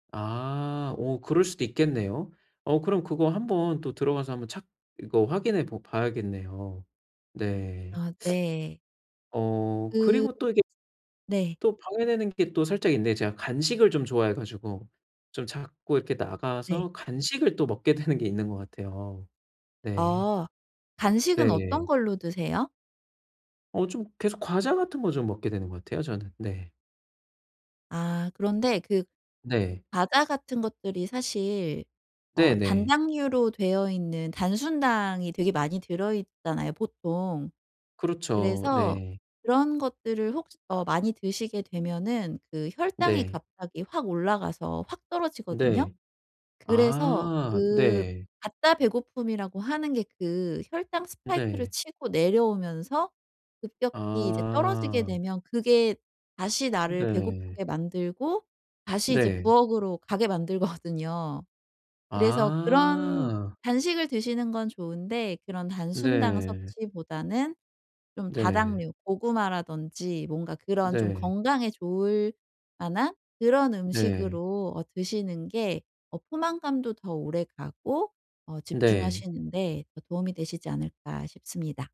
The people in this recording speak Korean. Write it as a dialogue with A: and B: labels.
A: 아. 어 그럴 수도 있겠네요. 어 그럼 그거 한번 또 들어가서 한번 찾 이거 확인해 보 봐야겠네요. 네.
B: 아 네.
A: 어
B: 그
A: 그리고 또 이게
B: 네.
A: 또 방해되는 게 또 살짝 있는데 제가 간식을 좀 좋아해 가지고 좀 자꾸 이렇게
B: 네.
A: 나가서 간식을 또 먹게 되는 게 있는 것 같아요. 네.
B: 아. 간식은 어떤
A: 네.
B: 걸로 드세요?
A: 어 좀 계속 과자 같은 거 좀 먹게 되는 것 같아요, 저는. 네.
B: 아 그런데 그
A: 네.
B: 과자 같은 것들이 사실 어
A: 네네.
B: 단당류로 되어있는 단순당이 되게 많이 들어 있잖아요, 보통.
A: 그렇죠.
B: 그래서
A: 네.
B: 그런 것들을 혹시 어 많이 드시게 되면은 그 혈당이
A: 네
B: 갑자기 확 올라가서 확 떨어지거든요.
A: 네.
B: 그래서
A: 아
B: 그
A: 네.
B: 가짜 배고픔이라고 하는 게 그 혈당 스파이크를
A: 네.
B: 치고 내려오면서 급격히 이제 떨어지게
A: 아.
B: 되면 그게 다시 나를
A: 네.
B: 배고프게 만들고 다시 이제
A: 네.
B: 부엌으로 가게 만들거든요. 그래서 그런
A: 아.
B: 간식을 드시는 건 좋은데 그런 단순당
A: 네.
B: 섭취보다는 좀
A: 네.
B: 다당류 고구마라든지 뭔가 그런 좀
A: 네.
B: 건강에 좋을 만한 그런
A: 네.
B: 음식으로 어 드시는 게 어 포만감도 더 오래가고 어
A: 네.
B: 집중하시는데 더 도움이 되시지 않을까 싶습니다.